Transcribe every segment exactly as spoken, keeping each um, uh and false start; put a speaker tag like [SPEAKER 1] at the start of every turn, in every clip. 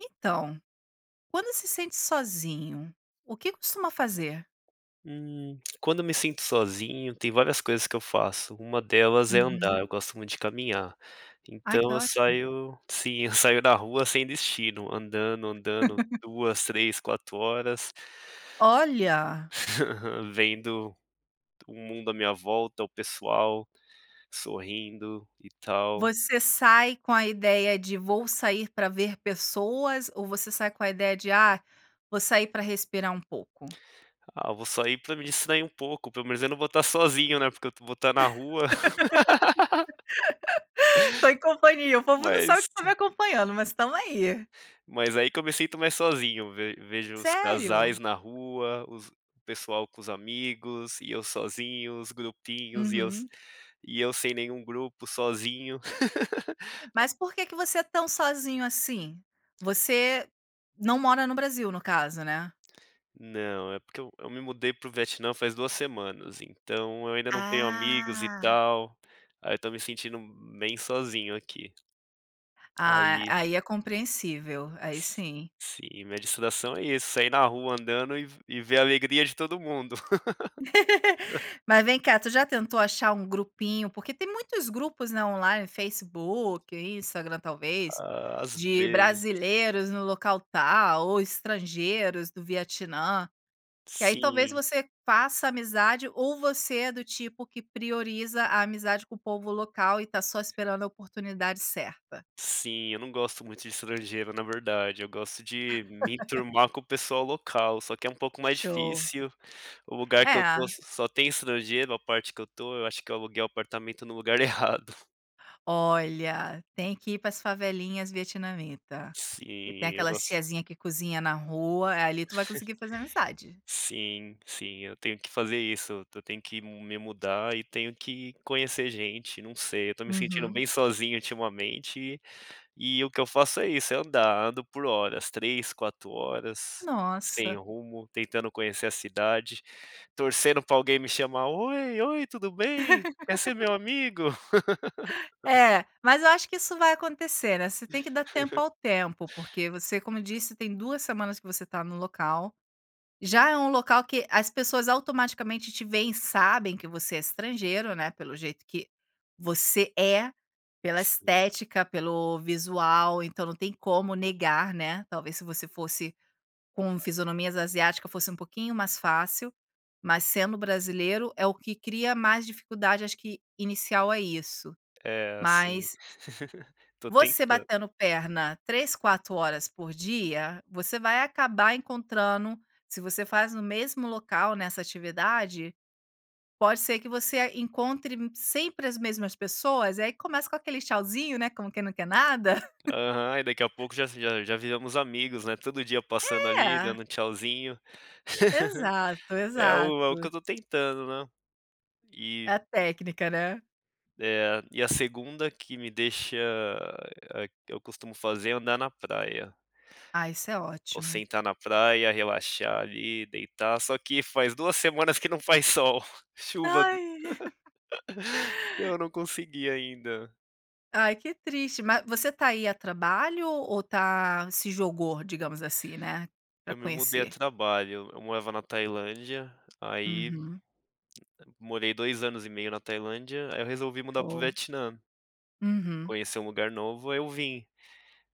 [SPEAKER 1] Então, quando se sente sozinho, o que costuma fazer?
[SPEAKER 2] Hum. Quando eu me sinto sozinho, tem várias coisas que eu faço. Uma delas é
[SPEAKER 1] Uhum.
[SPEAKER 2] andar, eu gosto muito de caminhar.
[SPEAKER 1] Ah, que
[SPEAKER 2] Então, eu
[SPEAKER 1] ótimo.
[SPEAKER 2] saio sim. Eu saio na rua sem destino, andando, andando duas, três, quatro horas.
[SPEAKER 1] Olha.
[SPEAKER 2] Vendo o mundo à minha volta, o pessoal sorrindo e tal.
[SPEAKER 1] Você sai com a ideia de vou sair pra ver pessoas ou você sai com a ideia de, ah, vou sair pra respirar pouco?
[SPEAKER 2] Ah, vou sair pra me distrair um pouco, pelo menos eu não vou tá sozinho, né. Porque eu vou tá na rua.
[SPEAKER 1] Tô em companhia O povo não sabe que
[SPEAKER 2] Mas
[SPEAKER 1] está me acompanhando, mas estamos aí.
[SPEAKER 2] Mas, aí que eu me sinto mais sozinho, ve vejo os
[SPEAKER 1] Sério?
[SPEAKER 2] casais na rua, os o pessoal com os amigos, e eu sozinho, os grupinhos, e eu
[SPEAKER 1] Uhum.
[SPEAKER 2] e eu sem nenhum grupo, sozinho.
[SPEAKER 1] Mas, por que você é tão sozinho, assim? Você não mora no Brasil, no caso, né?
[SPEAKER 2] Não. É porque eu me mudei para o Vietnã faz duas semanas. Então, eu ainda não tenho amigos e
[SPEAKER 1] Ah.
[SPEAKER 2] tal, aí eu tô me sentindo bem sozinho aqui.
[SPEAKER 1] Ah.
[SPEAKER 2] Aí
[SPEAKER 1] Aí é compreensível. Aí sim.
[SPEAKER 2] Sim, minha distração é isso. Sair na rua andando e e ver a alegria de todo mundo.
[SPEAKER 1] Mas vem cá, tu já tentou achar um grupinho? Porque tem muitos grupos, né, online, Facebook, Instagram talvez,
[SPEAKER 2] Ah,`as
[SPEAKER 1] de
[SPEAKER 2] vezes
[SPEAKER 1] brasileiros no local tal ou estrangeiros do Vietnã. Que aí, talvez
[SPEAKER 2] Sim.
[SPEAKER 1] você faça amizade. Ou você é do tipo que prioriza a amizade com o povo local e está só esperando a oportunidade certa?
[SPEAKER 2] Sim, eu não gosto muito de estrangeiro na verdade, eu gosto de me enturmar com o pessoal local, só que é um pouco mais
[SPEAKER 1] Show.
[SPEAKER 2] difícil. O lugar que eu tô
[SPEAKER 1] É.
[SPEAKER 2] só tem estrangeiro, a parte que eu tô. Eu acho que eu aluguei apartamento no lugar errado.
[SPEAKER 1] Olha, tem que ir para as favelinhas Vietnamita, que tem
[SPEAKER 2] Sim, eu
[SPEAKER 1] aquelas
[SPEAKER 2] gosto
[SPEAKER 1] tiazinha que cozinha na rua. É, ali tu vai conseguir fazer amizade.
[SPEAKER 2] Sim, sim. Eu tenho que fazer isso. Eu tenho que me mudar e tenho que conhecer gente. Não sei, eu tô me sentindo
[SPEAKER 1] Uhum.
[SPEAKER 2] bem sozinho ultimamente e o que eu faço é isso, é andar. Eu ando por horas, três, quatro horas, sem
[SPEAKER 1] Nossa.
[SPEAKER 2] rumo, tentando conhecer a cidade, torcendo pra alguém me chamar: "Oi, oi, tudo bem? Quer ser meu amigo?"
[SPEAKER 1] É, mas eu acho que isso vai acontecer, né, você tem que dar tempo ao tempo. Porque, você como disse, tem duas semanas que você tá no local, já é um local que as pessoas automaticamente te veem e sabem que você é estrangeiro, né, pelo jeito que você é, pela
[SPEAKER 2] Sim.
[SPEAKER 1] estética, pelo visual, então não tem como negar, né? Talvez se você fosse com fisionomias asiáticas fosse um pouquinho mais fácil, mas sendo brasileiro é o que cria mais dificuldade acho que inicial a isso.
[SPEAKER 2] É, assim.
[SPEAKER 1] Mas
[SPEAKER 2] Tô
[SPEAKER 1] você
[SPEAKER 2] tentando.
[SPEAKER 1] batendo perna três, quatro horas por dia, você vai acabar encontrando Se você faz no mesmo local, né, essa atividade, pode ser que você encontre sempre as mesmas pessoas e aí começa com aquele tchauzinho, né, como quem não quer nada.
[SPEAKER 2] Aham, aí daqui a pouco já já já viramos amigos, né? Todo dia passando ali
[SPEAKER 1] É.
[SPEAKER 2] dando tchauzinho.
[SPEAKER 1] Exato,
[SPEAKER 2] É o é o que
[SPEAKER 1] exato.
[SPEAKER 2] eu tô tentando, né.
[SPEAKER 1] É
[SPEAKER 2] E
[SPEAKER 1] a técnica, né?
[SPEAKER 2] É, e a segunda que me deixa a Eu costumo fazer é andar na praia.
[SPEAKER 1] Ah, isso é
[SPEAKER 2] Ou
[SPEAKER 1] ótimo.
[SPEAKER 2] sentar na praia, relaxar ali, deitar, só que faz duas semanas que não faz sol. Chuva do
[SPEAKER 1] Aí.
[SPEAKER 2] Eu não consegui ainda.
[SPEAKER 1] Ai, que triste, ma você tá aí a trabalho ou tá se jogou, digamos assim, né, pra
[SPEAKER 2] Eu me mudei a
[SPEAKER 1] conhecer?
[SPEAKER 2] trabalho. Eu morava na Tailândia. Aí,
[SPEAKER 1] Uhum.
[SPEAKER 2] morei dois anos e meio na Tailândia. Aí, eu resolvi mudar pro
[SPEAKER 1] Oh.
[SPEAKER 2] Vietnã.
[SPEAKER 1] Uhum.
[SPEAKER 2] Conhecer um lugar novo. Aí, eu vim.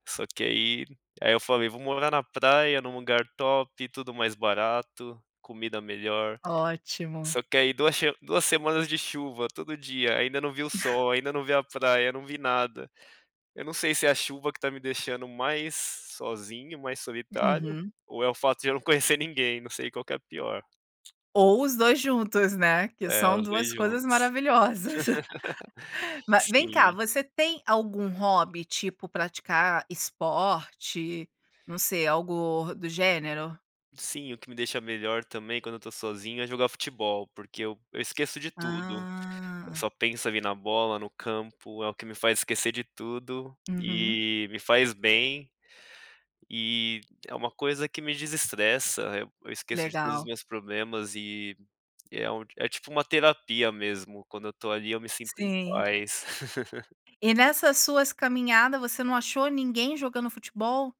[SPEAKER 2] Só que, aí aí, eu falei vou morar na praia, num lugar top, tudo mais barato, comida melhor.
[SPEAKER 1] Ótimo.
[SPEAKER 2] Só que, aí, duas shema duas semanas de chuva, todo dia. Ainda não vi sol. Ainda não vi a praia, não vi nada. Eu não sei se é a chuva que tá me deixando mais sozinho, mais solitário,
[SPEAKER 1] Uhum.
[SPEAKER 2] ou é o fato de eu não conhecer ninguém. Não sei qual que é a pior.
[SPEAKER 1] Ou os dois juntos, né? Que
[SPEAKER 2] É,
[SPEAKER 1] são
[SPEAKER 2] os
[SPEAKER 1] duas
[SPEAKER 2] dois
[SPEAKER 1] coisas
[SPEAKER 2] juntos.
[SPEAKER 1] maravilhosas. Ma vem cá,
[SPEAKER 2] Sim.
[SPEAKER 1] você tem algum hobby tipo praticar esporte? Não sei. Algo do gênero?
[SPEAKER 2] Sim, o que me deixa melhor também, quando eu tô sozinho, é jogar futebol, porque eu eu esqueço de tudo.
[SPEAKER 1] Ah.
[SPEAKER 2] Só penso ali na bola, no campo. É o que me faz esquecer de tudo
[SPEAKER 1] Uhum.
[SPEAKER 2] e me faz bem. E é uma coisa que me desestressa. Eu esqueço de todos os
[SPEAKER 1] Legal.
[SPEAKER 2] meus problemas e, é um é tipo uma terapia mesmo. Quando eu tô ali, eu me sinto em
[SPEAKER 1] Sim.
[SPEAKER 2] paz.
[SPEAKER 1] E, nessas suas caminhadas, você não achou ninguém jogando futebol?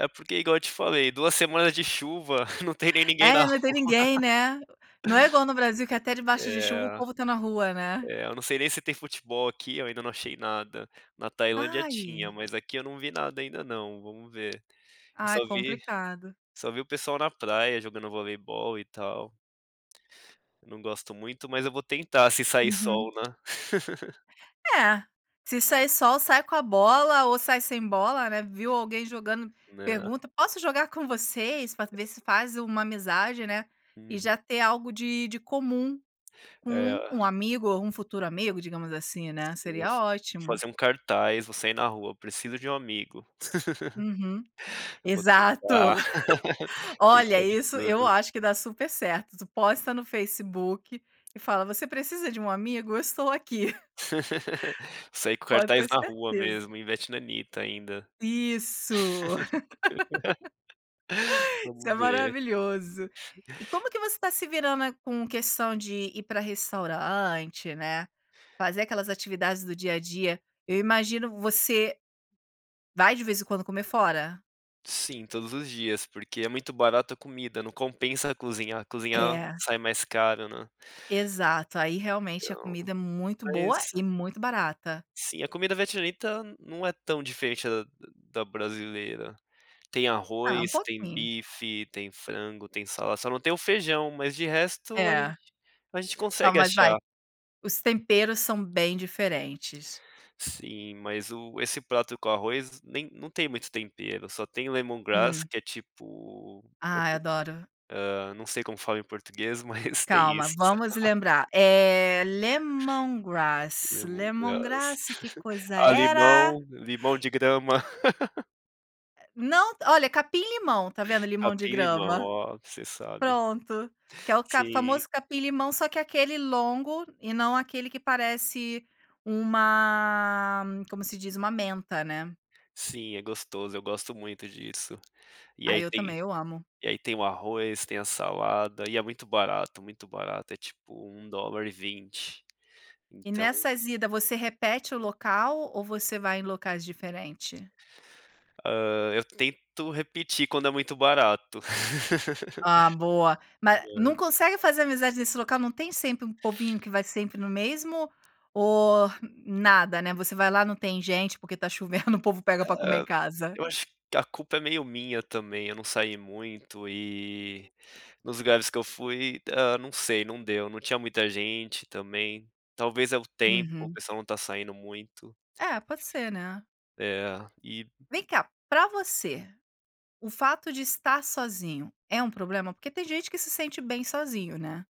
[SPEAKER 2] É porque igual eu te falei, duas semanas de chuva. Não tem nem ninguém na
[SPEAKER 1] É,
[SPEAKER 2] rua.
[SPEAKER 1] não tem ninguém, né? Não é igual no Brasil que, até debaixo de chuva, o
[SPEAKER 2] É
[SPEAKER 1] povo tá na rua, né?
[SPEAKER 2] é, não sei nem se tem futebol aqui. Eu ainda não achei nada. Na Tailândia tinha,
[SPEAKER 1] Ai.
[SPEAKER 2] mas aqui eu não vi nada ainda não. Vamos ver. Eu
[SPEAKER 1] Ah, é
[SPEAKER 2] só vi
[SPEAKER 1] complicado.
[SPEAKER 2] só vi o pessoal na praia jogando voleibol e tal. Não gosto muito, mas eu vou tentar se sair
[SPEAKER 1] Uhum.
[SPEAKER 2] sol, né?
[SPEAKER 1] É. Se sair sol, sai com a bola ou sai sem bola, né? Viu alguém jogando,
[SPEAKER 2] Né?
[SPEAKER 1] pergunta: "Posso jogar com vocês?". Pra ver se faz uma amizade, né? E
[SPEAKER 2] Uhum.
[SPEAKER 1] já ter algo de de comum com um
[SPEAKER 2] É.
[SPEAKER 1] amigo ou um futuro amigo, digamos assim, né?
[SPEAKER 2] Sim, vou
[SPEAKER 1] Seria ótimo.
[SPEAKER 2] fazer um cartaz, vou sair na rua, "Preciso de um amigo".
[SPEAKER 1] Uhum,
[SPEAKER 2] Vou
[SPEAKER 1] exato.
[SPEAKER 2] tentar,
[SPEAKER 1] Olha,
[SPEAKER 2] tentar de
[SPEAKER 1] isso eu
[SPEAKER 2] tudo.
[SPEAKER 1] acho que dá super certo. Tu posta no Facebook e fala: "Você precisa de um amigo? Eu estou aqui".
[SPEAKER 2] Sair com
[SPEAKER 1] Pode
[SPEAKER 2] cartaz
[SPEAKER 1] ter
[SPEAKER 2] na rua
[SPEAKER 1] certeza.
[SPEAKER 2] mesmo, em vietnamita ainda.
[SPEAKER 1] Isso. Isso é
[SPEAKER 2] Vamos ver.
[SPEAKER 1] maravilhoso. E como que você tá se virando com questão de ir pra restaurante, né? Fazer aquelas atividades do dia a dia. Eu imagino, você vai de vez em quando comer fora?
[SPEAKER 2] Sim, todos os dias, porque é muito barato a comida, não compensa cozinhar. Cozinhar
[SPEAKER 1] É.
[SPEAKER 2] sai mais caro, né?
[SPEAKER 1] Exato. Aí, realmente a
[SPEAKER 2] Então,
[SPEAKER 1] comida é muito boa
[SPEAKER 2] mas
[SPEAKER 1] e muito barata.
[SPEAKER 2] Sim, a comida vietnamita não é tão diferente da da brasileira. Tem
[SPEAKER 1] Ah, um
[SPEAKER 2] arroz, tem
[SPEAKER 1] pouquinho.
[SPEAKER 2] bife, tem frango, tem salada, só não tem o feijão, mas de resto a gente
[SPEAKER 1] É.
[SPEAKER 2] a gente
[SPEAKER 1] Não,
[SPEAKER 2] consegue
[SPEAKER 1] mas vai
[SPEAKER 2] achar.
[SPEAKER 1] Os temperos são bem diferentes.
[SPEAKER 2] Sim, mas o esse prato com arroz nem não tem muito tempero, só tem o lemongrass,
[SPEAKER 1] Hum.
[SPEAKER 2] que é tipo, outro
[SPEAKER 1] Ai,
[SPEAKER 2] tipo,
[SPEAKER 1] adoro.
[SPEAKER 2] hã, não sei como fala em português, mas tem
[SPEAKER 1] Calma,
[SPEAKER 2] isso.
[SPEAKER 1] vamos lembrar. É, lemongrass,
[SPEAKER 2] Lemongrass.
[SPEAKER 1] lemongrass que coisa
[SPEAKER 2] Ah,
[SPEAKER 1] era?
[SPEAKER 2] limão limão de grama.
[SPEAKER 1] Não. Olha, capim limão, tá vendo limão de
[SPEAKER 2] Capim limão,
[SPEAKER 1] grama.
[SPEAKER 2] oh, você sabe.
[SPEAKER 1] Pronto, que é ca o
[SPEAKER 2] Sim.
[SPEAKER 1] famoso capim limão, só que aquele longo e não aquele que parece uma como se diz, uma menta, né.
[SPEAKER 2] Sim, é gostoso, eu gosto muito disso. E
[SPEAKER 1] Aí,
[SPEAKER 2] aí
[SPEAKER 1] eu
[SPEAKER 2] tem
[SPEAKER 1] também. Eu amo.
[SPEAKER 2] e aí tem o arroz, tem a salada e é muito barato, muito barato, é tipo um dolar e vinte
[SPEAKER 1] E
[SPEAKER 2] então
[SPEAKER 1] nessas ida, você repete o local ou você vai em locais diferente?
[SPEAKER 2] Hã, eu tento repetir quando é muito barato.
[SPEAKER 1] Ah, boa. Ma
[SPEAKER 2] É.
[SPEAKER 1] não consegue fazer amizades nesse local? Não tem sempre um povinho que vai sempre no mesmo ou, nada, né, você vai lá não tem gente porque está chovendo, o povo pega para comer em
[SPEAKER 2] É.
[SPEAKER 1] casa?
[SPEAKER 2] Eu acho que a culpa é meio minha também, eu não saí muito e, nos lugares que eu fui Ah, não sei, não deu, não tinha muita gente também, talvez é o tempo, o
[SPEAKER 1] Uhum.
[SPEAKER 2] pessoal não tá saindo muito.
[SPEAKER 1] É, pode ser, né.
[SPEAKER 2] É, e
[SPEAKER 1] Vem cá, pra você, o fato de estar sozinho é um problema? Porque tem gente que se sente bem sozinho, né?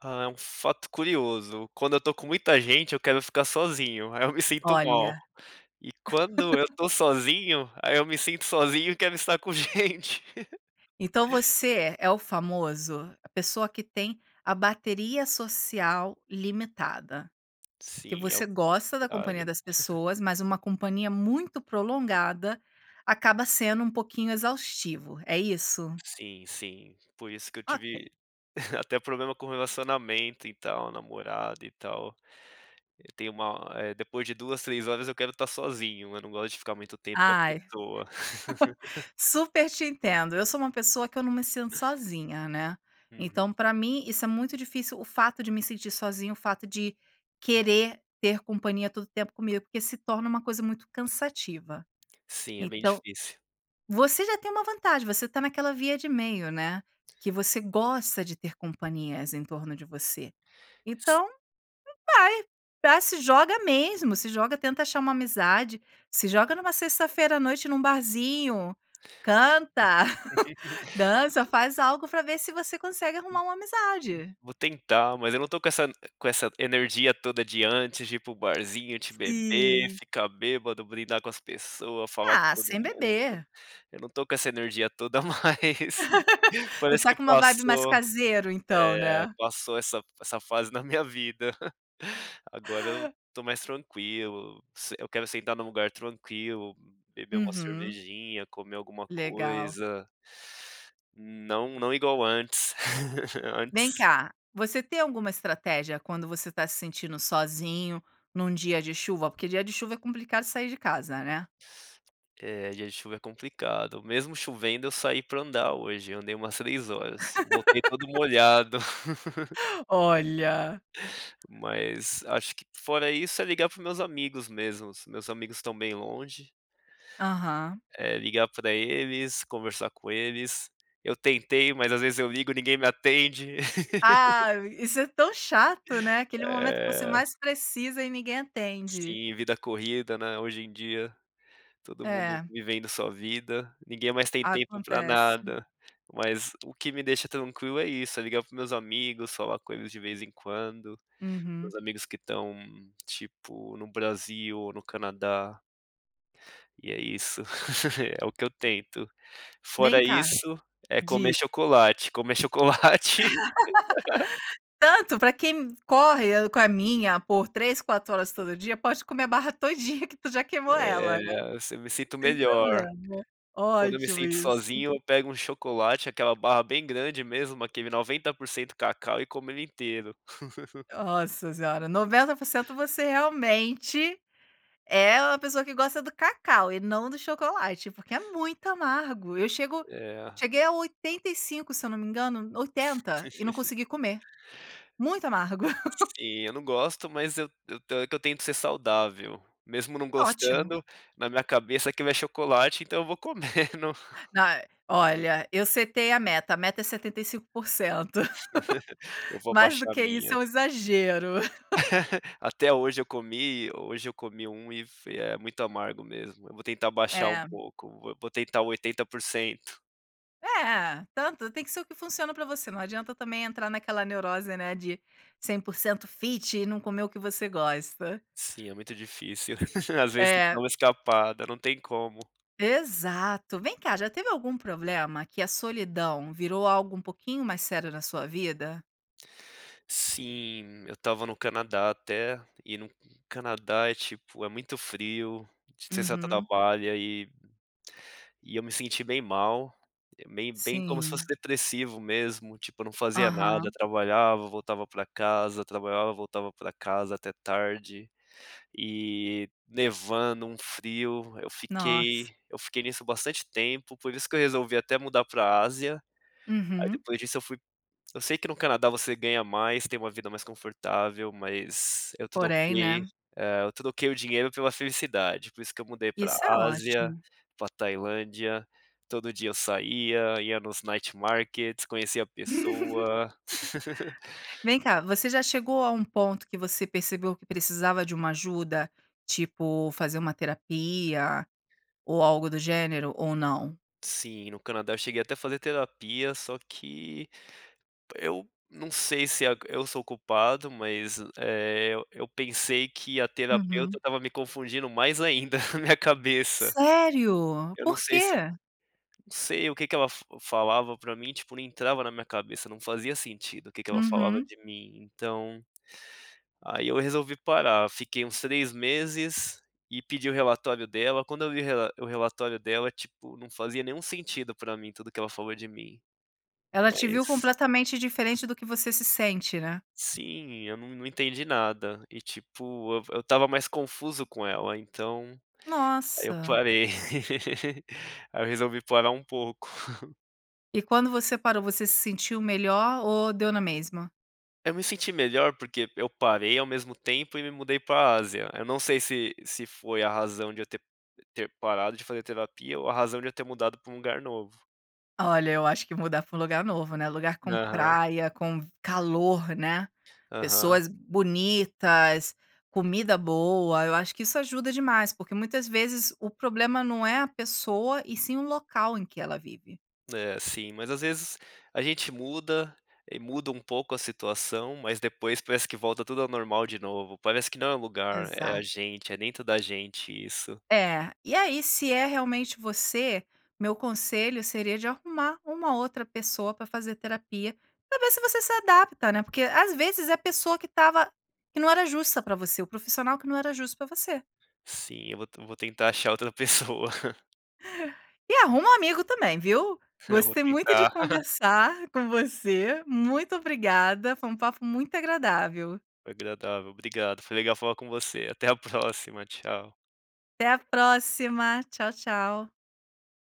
[SPEAKER 2] Ah, é um fato curioso, quando eu tô com muita gente eu quero ficar sozinho, aí eu me sinto mal,
[SPEAKER 1] Olha.
[SPEAKER 2] e quando eu estou sozinho, aí eu me sinto sozinho e quero estar com gente.
[SPEAKER 1] Então, você é o famoso a pessoa que tem a bateria social limitada. Que
[SPEAKER 2] Sim, é
[SPEAKER 1] você
[SPEAKER 2] o
[SPEAKER 1] gosta da companhia
[SPEAKER 2] contrário.
[SPEAKER 1] das pessoas, mas uma companhia muito prolongada, acaba sendo um pouquinho exaustivo. É isso?
[SPEAKER 2] Sim, sim. Por isso que eu
[SPEAKER 1] Ok.
[SPEAKER 2] tive até problema com relacionamento e tal, namorada e tal. Eu tenho uma depois de duas, três horas eu quero tá sozinho, eu não gosto de ficar muito tempo com a
[SPEAKER 1] Ai,
[SPEAKER 2] pessoa.
[SPEAKER 1] super te entendo. Eu sou uma pessoa que eu não me sinto sozinha, né?
[SPEAKER 2] Uhum.
[SPEAKER 1] Então, pra mim, isso é muito difícil, o fato de me sentir sozinho, o fato de querer ter companhia todo tempo comigo, porque se torna uma coisa muito cansativa.
[SPEAKER 2] Sim, é bem
[SPEAKER 1] Então,
[SPEAKER 2] difícil.
[SPEAKER 1] você já tem uma vantagem, você tá naquela via de meio, né? Que você gosta de ter companhias em torno de você.
[SPEAKER 2] S
[SPEAKER 1] Então, vai, se joga mesmo, se joga, tenta achar uma amizade, se joga numa sexta-feira à noite num barzinho. Canta, dança, faz algo para ver se você consegue arrumar uma amizade.
[SPEAKER 2] Vou tentar, mas eu não tô com essa com essa energia toda de antes de ir para o barzinho, de beber,
[SPEAKER 1] Sim.
[SPEAKER 2] ficar bêbado, brindar com as pessoas, falar com
[SPEAKER 1] Ah,
[SPEAKER 2] todo
[SPEAKER 1] sem
[SPEAKER 2] mundo,
[SPEAKER 1] beber.
[SPEAKER 2] eu não tô com essa energia toda mais.
[SPEAKER 1] Você
[SPEAKER 2] Parece
[SPEAKER 1] está
[SPEAKER 2] que
[SPEAKER 1] com uma vibe mais
[SPEAKER 2] passou.
[SPEAKER 1] caseiro então,
[SPEAKER 2] É,
[SPEAKER 1] né?
[SPEAKER 2] passou essa essa fase na minha vida. Agora eu tô mais tranquilo, eu quero sentar num lugar tranquilo, beber uma
[SPEAKER 1] Uhum.
[SPEAKER 2] cervejinha, comer alguma
[SPEAKER 1] Legal.
[SPEAKER 2] coisa Não, não igual antes
[SPEAKER 1] Vem
[SPEAKER 2] antes.
[SPEAKER 1] cá. Você tem alguma estratégia, quando você tá se sentindo sozinho, num dia de chuva? Porque dia de chuva é complicado sair de casa, né?
[SPEAKER 2] É, dia chuva é complicado, mesmo chovendo eu saí pra andar hoje, andei umas três horas, voltei todo molhado.
[SPEAKER 1] Olha.
[SPEAKER 2] Mas acho que fora isso é ligar para os meus amigos mesmos, meus amigos estão bem longe.
[SPEAKER 1] Aham.
[SPEAKER 2] É, ligar para eles, conversar com eles. Eu tentei, mas às vezes eu ligo, ninguém me atende.
[SPEAKER 1] Ah, isso é tão chato, né? Aquele momento em que você
[SPEAKER 2] É.
[SPEAKER 1] mais precisa e ninguém atende.
[SPEAKER 2] Sim, vida corrida, né? Hoje em dia todo mundo
[SPEAKER 1] É.
[SPEAKER 2] vivendo sua vida, ninguém mais tem tempo para
[SPEAKER 1] Acontece.
[SPEAKER 2] nada. Mas o que me deixa tranquilo é isso, é ligar para os meus amigos, falar coisas de vez em quando, para os
[SPEAKER 1] Uhum.
[SPEAKER 2] meus amigos que estão, tipo, no Brasil ou no Canadá. E é isso, é o que eu tento.
[SPEAKER 1] Vem
[SPEAKER 2] Fora
[SPEAKER 1] cá,
[SPEAKER 2] isso, é
[SPEAKER 1] di
[SPEAKER 2] comer chocolate, comer chocolate
[SPEAKER 1] Tanto para quem corre, caminha por três, quatro horas todo dia, pode comer a barra todinha que tu já queimou ela,
[SPEAKER 2] É,
[SPEAKER 1] né.
[SPEAKER 2] assi eu me sinto
[SPEAKER 1] Sem
[SPEAKER 2] melhor.
[SPEAKER 1] problema,
[SPEAKER 2] Quando eu me
[SPEAKER 1] ótimo
[SPEAKER 2] sinto
[SPEAKER 1] isso.
[SPEAKER 2] sozinho, eu pego um chocolate, aquela barra bem grande mesmo, aquele noventa por cento cacau, e como ele inteiro.
[SPEAKER 1] Nossa senhora, noventa por cento. Você realmente é uma pessoa que gosta do cacau e não do chocolate, porque é muito amargo. Eu chego
[SPEAKER 2] É.
[SPEAKER 1] cheguei a oitenta e cinco, se eu não me engano, oitenta e não consegui comer. Muito amargo.
[SPEAKER 2] Sim, eu não gosto, mas eu eu que eu tento que ser saudável, mesmo não
[SPEAKER 1] Ótimo.
[SPEAKER 2] gostando, na minha cabeça que vai chocolate, então eu vou comendo.
[SPEAKER 1] Não é Olha, eu setei a meta. A meta é setenta e cinco por cento.
[SPEAKER 2] Eu vou
[SPEAKER 1] Mais do
[SPEAKER 2] abaixar a
[SPEAKER 1] que isso. é
[SPEAKER 2] minha.
[SPEAKER 1] um exagero.
[SPEAKER 2] Até hoje eu comi hoje eu comi um e é muito amargo mesmo. Eu vou tentar baixar um
[SPEAKER 1] É.
[SPEAKER 2] pouco, vou tentar oitenta por cento.
[SPEAKER 1] É, tanto tem que ser o que funciona pra você, não adianta também entrar naquela neurose, né, de cem por cento fit e não comer o que você gosta.
[SPEAKER 2] Sim, é muito difícil, às vezes tem que dar
[SPEAKER 1] É.
[SPEAKER 2] uma escapada, não tem como.
[SPEAKER 1] Exato, vem cá, já teve algum problema, que a solidão virou algo um pouquinho mais sério na sua vida?
[SPEAKER 2] Sim, eu estava no Canadá até e no Canadá é tipo, é muito frio, você só
[SPEAKER 1] Uhum.
[SPEAKER 2] trabalha e e eu me senti bem mal, meio bem, como se fosse
[SPEAKER 1] Sim.
[SPEAKER 2] depressivo mesmo, tipo eu não fazia nada,
[SPEAKER 1] Aham.
[SPEAKER 2] trabalhava voltava pra casa, trabalhava voltava pra casa até tarde e nevando, um frio. Eu
[SPEAKER 1] Nossa.
[SPEAKER 2] fiquei eu fiquei nisso, bastante tempo, por isso que eu resolvi até mudar pra Ásia. Aí
[SPEAKER 1] Uhum.
[SPEAKER 2] depois disso, eu fui Eu sei que no Canadá você ganha mais, tem uma vida mais confortável, mas eu
[SPEAKER 1] Porém,
[SPEAKER 2] troquei,
[SPEAKER 1] né?
[SPEAKER 2] eh, eu troquei o dinheiro pela felicidade por isso que eu mudei para
[SPEAKER 1] Isso é
[SPEAKER 2] Ásia,
[SPEAKER 1] ótimo.
[SPEAKER 2] pra Tailândia, todo dia eu saía, ia nos Night Markets, conhecia pessoa.
[SPEAKER 1] Vem cá, você já chegou a um ponto que você percebeu que precisava de uma ajuda? Tipo, fazer uma terapia, ou algo do gênero ou não?
[SPEAKER 2] Sim, no Canadá eu cheguei até fazer terapia, só que Eu não sei se, ah, eu sou culpado mas, eh, eu pensei que a terapeuta
[SPEAKER 1] Uhum.
[SPEAKER 2] estava me confundindo mais ainda, minha cabeça
[SPEAKER 1] Sério?
[SPEAKER 2] Eu não
[SPEAKER 1] Por
[SPEAKER 2] sei, se eu
[SPEAKER 1] quê?
[SPEAKER 2] não sei o que que ela falava pra mim, tipo, não entrava na minha cabeça, não fazia sentido o que que ela falava
[SPEAKER 1] Uhum.
[SPEAKER 2] de mim. Então, aí eu resolvi parar, fiquei uns três meses e pedi o relatório dela, quando eu vi o rela o relatório dela, tipo, não fazia nenhum sentido para mim tudo que ela falou de mim,
[SPEAKER 1] Ela te viu
[SPEAKER 2] mas
[SPEAKER 1] completamente diferente do que você se sente, né?
[SPEAKER 2] Sim eu não não entendi nada. E, tipo eu v eu estava mais confuso com ela então, aí eu
[SPEAKER 1] Nossa.
[SPEAKER 2] parei, aí eu resolvi parar um pouco.
[SPEAKER 1] E quando você parou, você se sentiu melhor ou deu na mesma?
[SPEAKER 2] Eu me senti melhor porque eu parei ao mesmo tempo e me mudei pra Ásia. Eu não sei, se se foi a razão de eu ter ter parado de fazer terapia ou a razão de eu ter mudado pra um lugar novo.
[SPEAKER 1] Olha, eu acho que mudar pra um lugar novo, né? Lugar com
[SPEAKER 2] Aham.
[SPEAKER 1] praia, com vi calor, né?
[SPEAKER 2] Aham.
[SPEAKER 1] Pessoas bonitas, comida boa. Eu acho que isso ajuda demais, porque muitas vezes o problema não é a pessoa e sim o local em que ela vive.
[SPEAKER 2] É, sim, mas às vezes a gente muda e muda um pouco a situação, mas depois parece que volta tudo ao normal de novo. Parece que não é lugar, é a
[SPEAKER 1] Exato.
[SPEAKER 2] gente, é dentro da gente, isso.
[SPEAKER 1] É, e aí se é realmente você, meu conselho seria de arrumar uma outra pessoa pra fazer terapia, pra ver se você se adapta, né. Porque às vezes é a pessoa que tava que não era justa pra você, o profissional que não era justo pra você.
[SPEAKER 2] Sim, eu vou eu vou tentar achar outra pessoa.
[SPEAKER 1] E arruma um amigo também, viu?
[SPEAKER 2] Eu vou
[SPEAKER 1] Gostei muito de
[SPEAKER 2] tentar.
[SPEAKER 1] conversar com você, muito obrigada, foi um papo muito agradável.
[SPEAKER 2] Agradável Obrigado, foi legal falar com você. Até a próxima, tchau.
[SPEAKER 1] Até a próxima. Tchau, tchau.